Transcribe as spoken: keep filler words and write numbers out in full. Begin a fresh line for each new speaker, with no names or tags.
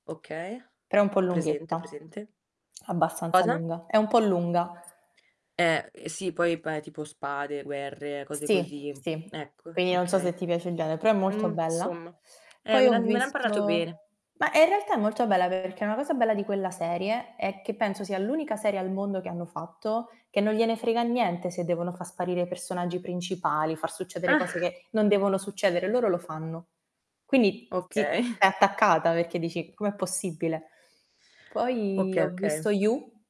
Okay,
Però è un po'
ho presente, ho
lunghetta,
presente.
abbastanza
Cosa?
lunga. È un po' lunga.
Eh, sì poi, pa tipo spade, guerre, cose
Sì,
così.
sì.
Ecco
Quindi non so se
okay.
ti piace il gene però è molto
Mhmm,
bella.
somma, eh
Poi
me
ho
l'han me ne han parlato
visto
bene.
bah, in realtà è molto bella perché una cosa bella di quella serie è che, penso sia l'unica serie al mondo, che hanno fatto che non gliene frega niente se devono fa sparire i personaggi principali, far succedere cose che non devono succedere. Loro lo fanno. Quindi t
Okay.
ti stai attaccata perché dici: "Com'è possibile?". Poi
Okay.
ho
Okay.
visto You.